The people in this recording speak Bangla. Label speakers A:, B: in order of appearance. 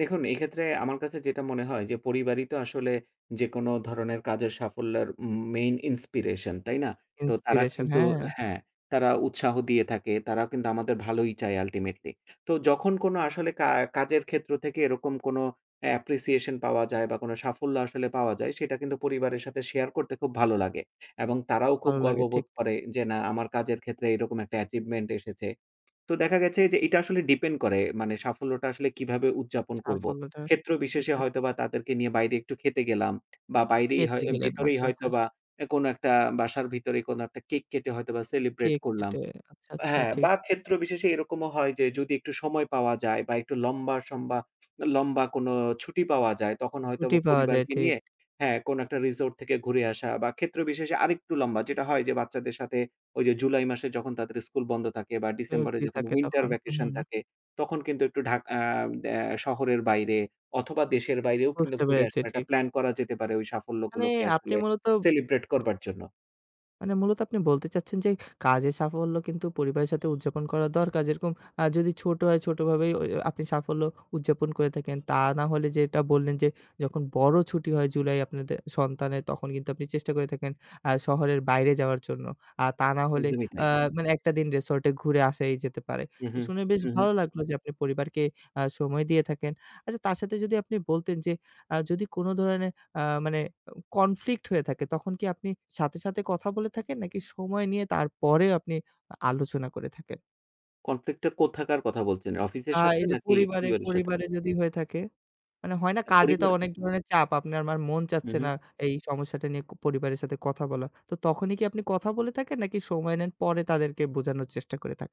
A: দেখুন, এইক্ষেত্রে আমার কাছে যেটা মনে হয় যে পরিবারই তো আসলে যেকোন ধরনের কাজের সাফল্যর ম main inspiration তাই না? তো তারা
B: inspiration
A: কিন্তু
B: হ্যাঁ।
A: হ্যাঁ, তারা উৎসাহ দিয়ে থাকে। তারাও কিন্তু আমাদের ভালোই চায় ultimately। তো যখন কোন আসলে কা কাজের ক্ষেত্র থেকে এরকম কোন appreciation পাওয়া যায় বা কোন সাফল্য আসলে পাওয়া যায়, সেটা কিন্তু পরিবারের সাথে শেয়ার করতে খুব ভালো লাগে। এবং তারাও খুব
B: ভালো লাগে ঠিক।
A: গর্ববোধ করে যে না, আমার কাজের ক্ষেত্রে এরকম একটা achievement এসেছে। তো দেখা গেছে যে এটা আসলে ডিপেন্ড করে মানে সাফল্যটা আসলে কিভাবে উদযাপন করব।
B: সাফল্যটা
A: ক্ষেত্রবিশেষে হয়তোবা
B: [unintelligible]
A: তাদেরকে নিয়ে বাইরে একটু খেতে গেলাম। বা বাইরেই
B: খেতে
A: হয় অ্যা
B: গেলেন।
A: ভিতরেই
B: আচ্ছা, আচ্ছা।
A: হয়তোবা অ্যা কোন একটা বাসার ভিতরেই কোন একটা কেক কেটে হয়তোবা সেলিব্রেট
B: কেক
A: করলাম।
B: কেটে। আচ্ছা, আচ্ছা
A: হ্যাঁ,
B: ঠিক।
A: বা ক্ষেত্রবিশেষে এরকমও হয় যে যদি একটু সময় পাওয়া যায় বা একটু লম্বা সম্বা, লম্বা কোনো ছুটি পাওয়া যায় তখন
B: ছুটি
A: হয়তোবা
B: পাওয়া যায়
A: পরিবারকে
B: ঠিক।
A: নিয়ে হ্যাঁ কোন একটা রিসোর্ট থেকে ঘুরে আসা বা ক্ষেত্রবিশেষে আরেকটু লম্বা যেটা হয় যে বাচ্চাদের সাথে ওই যে জুলাই মাসে যখন তাদের স্কুল বন্ধ থাকে বা
B: তো
A: ডিসেম্বরে
B: ফ্রী
A: যখন
B: থাকে
A: winter
B: তখন
A: vacation
B: উহুম।
A: থাকে, তখন কিন্তু একটু ঢাকা আ অ্যা শহরের বাইরে অথবা দেশের বাইরেও কিন্তু
B: বুঝতে
A: ঘুরে
B: পেরেছি
A: আসার একটা
B: ঠিক।
A: প্ল্যান করা যেতে পারে ওই
B: মানে
A: সাফল্যগুলোকে
B: আপনি
A: আসলে
B: মূলত
A: সেলিব্রেট করবার জন্য।
B: মানে মূলত আপনি বলতে চাচ্ছেন যে, কাজের সাফল্য কিন্তু পরিবারের সাথে উদযাপন করা দরকার যেরকম আ যদি ছোট হয় ছোটভাবেই ওই ওই আপনি সাফল্য উদযাপন করে থাকেন। তা না হলে যেটা বললেন, যে যখন বড়ো ছুটি হয় জুলাই আপনাদের সন্তানের তখন কিন্তু আপনি চেষ্টা করে থাকেন আ শহরের বাইরে যাওয়ার জন্য। আর তা না হলে
A: একদমই
B: আ
A: তাই।
B: মানে একটা দিন রিসোর্টে ঘুরে আসাই যেতে পারে।
A: উহু,
B: শুনে বেশ
A: উহু।
B: ভালো লাগলো যে আপনি পরিবারকে আ সময় দিয়ে থাকেন। আচ্ছা তার সাথে যদি আপনি বলতেন যে আ যদি কোন ধরনের আ মানে অ কনফ্লিক্ট হয়ে থাকে তখন কি আপনি সাথে, সাথে কথা বলে থাকেন নাকি সময় নিয়ে তারপরে আপনি আ আলোচনা করে থাকেন?
A: conflict টা কোথাকার কথা বলছেন?
B: বা
A: অফিসের সাথে
B: এই যে
A: নাকি
B: পরিবারে,
A: পরিবারের সাথে?
B: পরিবারে যদি হয়ে থাকে? মানে হয়না
A: আ
B: কাজে তো
A: পরিবার?
B: অনেক ধরনের চাপ। আপনে, আমার মন
A: হু,
B: চাচ্ছে না
A: হু।
B: এই সমস্যাটা নিয়ে ক পরিবারের সাথে কথা বলা। তো তখনই কি আপনি কথা বলে থাকেন নাকি সময় নেন পরে তাদেরকে বোঝানোর চেষ্টা করে থাকেন?